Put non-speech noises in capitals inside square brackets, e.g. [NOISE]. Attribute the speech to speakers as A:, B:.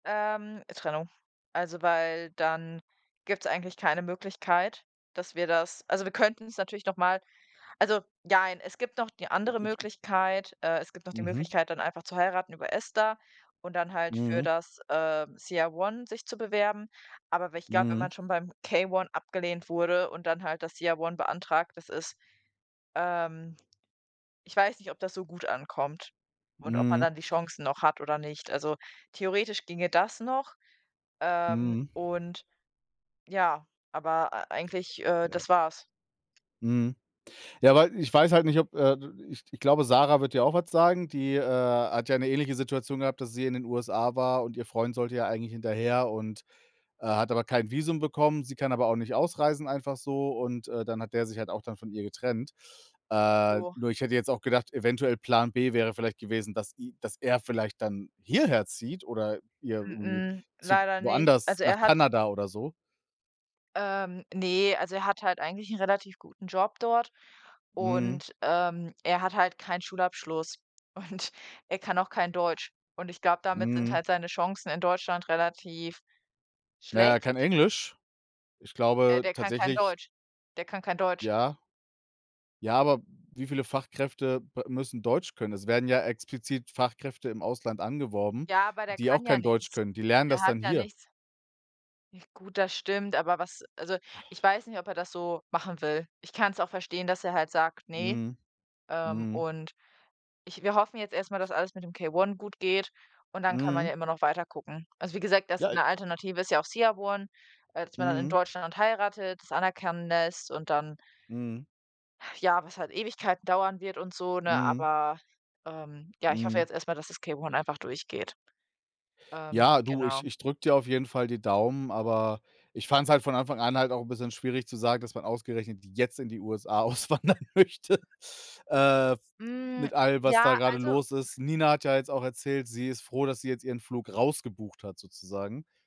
A: Ähm, Trennung. Also, weil dann gibt's eigentlich keine Möglichkeit, dass wir das also, wir könnten es natürlich noch mal also, jein, es gibt noch die andere
B: [UNINTELLIGIBLE]
A: Möglichkeit, äh es gibt noch die
B: Mhm.
A: Möglichkeit, dann einfach zu heiraten über ESTA und dann halt für
B: Mhm.
A: das, ähm, CR-1 sich zu bewerben. Aber wenn ich glaube, wenn
B: Mhm.
A: man schon beim K-1 abgelehnt wurde und dann halt das CR-1 beantragt, das ist, ähm ich weiß nicht, ob das so gut ankommt und ob man
B: Mhm.
A: dann die Chancen noch hat oder nicht. Also, theoretisch ginge das noch, ähm,
B: Mhm.
A: und ja, aber, äh, eigentlich, äh,
B: Ja.
A: das war's.
B: Mhm, ja, weil ich weiß halt nicht ob, äh d-d ich ich glaube, Sarah wird dir auch was sagen. Die, äh, hat ja 'ne ähnliche Situation gehabt, dass sie in den USA war und ihr Freund sollte ja eigentlich hinterher und, äh, hat aber kein Visum bekommen. Sie kann aber auch nicht ausreisen einfach so und, äh, dann hat der sich halt auch dann von ihr getrennt. Äh,
A: Jo.
B: nur ich hätte jetzt auch gedacht, eventuell Plan B wäre vielleicht gewesen, dass e dass er vielleicht dann hierher zieht oder ihr irgendwie
A: Mh-mh,
B: zu
A: leider nicht.
B: woanders
A: Also,
B: nach
A: er hat
B: Kanada oder so.
A: ähm, ne, also, er hat halt eigentlich 'nen relativ guten Job dort
B: Mhm.
A: und, ähm, er hat halt keinen Schulabschluss und er kann auch kein Deutsch. Und ich glaube, damit sind
B: Mhm.
A: halt seine Chancen in Deutschland relativ
B: Na ja,
A: schlecht.
B: kein Englisch? Ich
A: Äh,
B: glaube
A: der kann kein
B: tatsächlich
A: Deutsch. Der kann kein Deutsch.
B: Ja. Ja, aber wie viele Fachkräfte b müssen Deutsch können? Es werden ja explizit Fachkräfte im Ausland angeworben,
A: Ja, aber der
B: die auch
A: kann ja
B: kein Deutsch
A: nichts.
B: können. Die lernen
A: Er
B: das
A: hat
B: dann
A: ja
B: hier.
A: nichts. Nicht gut, das stimmt, aber was also, ich weiß nicht, ob er das so machen will. Ich kann's auch verstehen, dass er halt sagt: „Ne.“
B: Mhm,
A: Ähm,
B: mhm.
A: und ich wir hoffen jetzt erst mal, dass alles mit dem K-1 gut geht und dann kann man
B: Mhm.
A: ja immer noch weiter gucken. Also, wie gesagt, dass
B: Ja i
A: 'ne Alternative ist ja auch CR-1, äh, dass man dann in
B: Mhm.
A: Deutschland heiratet, das anerkennen lässt und dann
B: Mhm.
A: ah, ja, was halt Ewigkeiten dauern wird und so, ne?
B: Mhm.
A: Aber, ähm ja, ich hoffe
B: Mhm.
A: jetzt erst mal, dass das K-1 einfach durchgeht, ähm,
B: Ja, du,
A: genau.
B: ich ich drücke dir auf jeden Fall die Daumen, aber ich fand's halt von Anfang an halt auch 'n bisschen schwierig zu sagen, dass man ausgerechnet jetzt in die USA auswandern möchte, äh,
A: Hm,
B: mit allem, was
A: ja,
B: da grade
A: also
B: los ist. Nina hat ja jetzt auch erzählt, sie ist froh, dass sie jetzt ihren Flug rausgebucht hat sozusagen.